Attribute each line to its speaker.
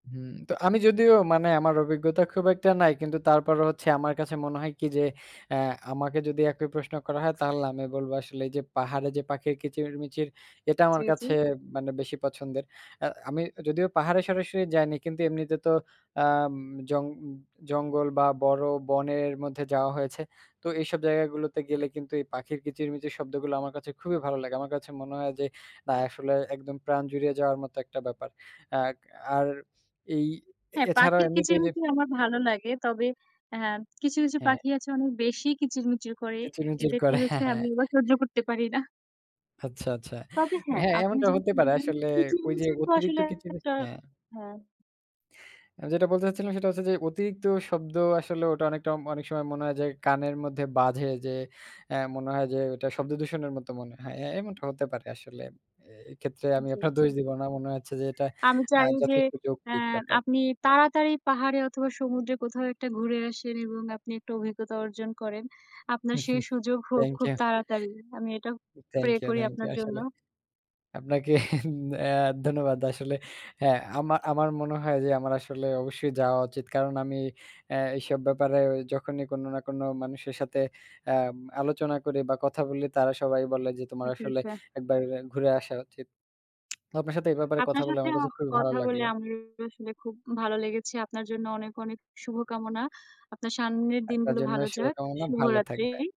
Speaker 1: হুম। তো আমি যদিও মানে আমার অভিজ্ঞতা খুব একটা নাই কিন্তু তারপরও হচ্ছে, আমার কাছে মনে হয় কি? যে, অ্যা আমাকে যদি একই প্রশ্ন করা হয়, তাহলে আমি বলব আসলে এই যে পাহাড়ে যে পাখির কিচিরমিচির, এটা আমার
Speaker 2: জি, জি।
Speaker 1: কাছে মানে বেশি পছন্দের। অ্যা আমি যদিও পাহাড়ে সরাসরি যাইনি কিন্তু, এমনিতে তো আম জং জঙ্গল বা বড় বনের মধ্যে যাওয়া হয়েছে। তো এইসব জায়গা গুলোতে গেলে কিন্তু, এই পাখির কিচিরমিচির শব্দগুলো আমার কাছে খুবই ভালো লাগে। আমার কাছে মনে হয় যে, না, আসলে একদম প্রাণ জুড়িয়ে যাওয়ার মতো একটা ব্যাপার। অ্যাগ আর এই
Speaker 2: হ্যাঁ,
Speaker 1: এছাড়াও
Speaker 2: পাখির
Speaker 1: এমনিতে যে
Speaker 2: কিচিরমিচির আমার ভালো লাগে। তবে অ্যা কিছু, কিছু
Speaker 1: হ্যাঁ।
Speaker 2: পাখি আছে অনেক বেশি কিচিরমিচির করে।
Speaker 1: কিচিরমিচির
Speaker 2: এদেরকে
Speaker 1: করে।
Speaker 2: হচ্ছে
Speaker 1: হ্যাঁ, হ্যাঁ।
Speaker 2: আমি আবার সহ্য করতে পারি না।
Speaker 1: আচ্ছা, আচ্ছা।
Speaker 2: তবে হ্যাঁ,
Speaker 1: হ্যাঁ,
Speaker 2: আপনি
Speaker 1: এমনটা
Speaker 2: যেমন
Speaker 1: হতে পারে
Speaker 2: বললেন
Speaker 1: আসলে ওই যে
Speaker 2: কিচিরমিচির তো
Speaker 1: অতিরিক্ত
Speaker 2: আসলে একটা
Speaker 1: কিচিরমিচির হ্যাঁ।
Speaker 2: হ্যাঁ।
Speaker 1: আমি যেটা বলতে চাচ্ছিলাম সেটা হচ্ছে যে, অতিরিক্ত শব্দ আসলে ওটা অনেকটা উম অনেক সময় মনে হয় যে কানের মধ্যে বাধে যে, অ্যা মনে হয় যে ওইটা শব্দ দূষণের মতো মনে হয়। হ্যাঁ, এমনটা হতে পারে আসলে। এ এক্ষেত্রে আমি
Speaker 2: জি,
Speaker 1: আপনার
Speaker 2: জি।
Speaker 1: দোষ দিব না। মনে হচ্ছে যে এটা
Speaker 2: আমি
Speaker 1: অ্যা
Speaker 2: চাই যে,
Speaker 1: যথেষ্ট
Speaker 2: অ্যা
Speaker 1: যৌক্তিক ব্যাপার।
Speaker 2: আপনি তাড়াতাড়ি পাহাড়ে অথবা সমুদ্রে কোথাও একটা ঘুরে আসেন এবং আপনি একটু অভিজ্ঞতা অর্জন করেন। আপনার সেই সুযোগ হোক
Speaker 1: থ্যাংক
Speaker 2: খুব
Speaker 1: ইউ।
Speaker 2: তাড়াতাড়ি। আমি এটা প্রে
Speaker 1: থ্যাংক ইউ,
Speaker 2: করি
Speaker 1: থ্যাংক ইউ
Speaker 2: আপনার জন্য।
Speaker 1: আসলে। আপনাকে অ্যা ধন্যবাদ আসলে। হ্যাঁ, আমা আমার মনে হয় যে আমার আসলে অবশ্যই যাওয়া উচিত। কারণ আমি অ্যা এইসব ব্যাপারে যখনই কোনো না কোনো মানুষের সাথে অ্যাম আলোচনা করি বা কথা বলি, তারা সবাই বলে যে "তোমার
Speaker 2: জি,
Speaker 1: আসলে
Speaker 2: যা
Speaker 1: ১ বার ঘুরে আসা উচিত।" আপনার সাথে এই ব্যাপারে কথা
Speaker 2: আপনার
Speaker 1: বলে, আমার
Speaker 2: সাথেও
Speaker 1: কাছে খুব ভালো
Speaker 2: কথা বলে,
Speaker 1: লাগলো।
Speaker 2: আমারও আসলে খুব ভালো লেগেছে। আপনার জন্য অনেক, অনেক শুভকামনা। আপনার সামনের
Speaker 1: আপনার
Speaker 2: দিনগুলো
Speaker 1: জন্যও
Speaker 2: ভালো যাক।
Speaker 1: শুভকামনা। ভালো থাকবেন।
Speaker 2: শুভরাত্রি।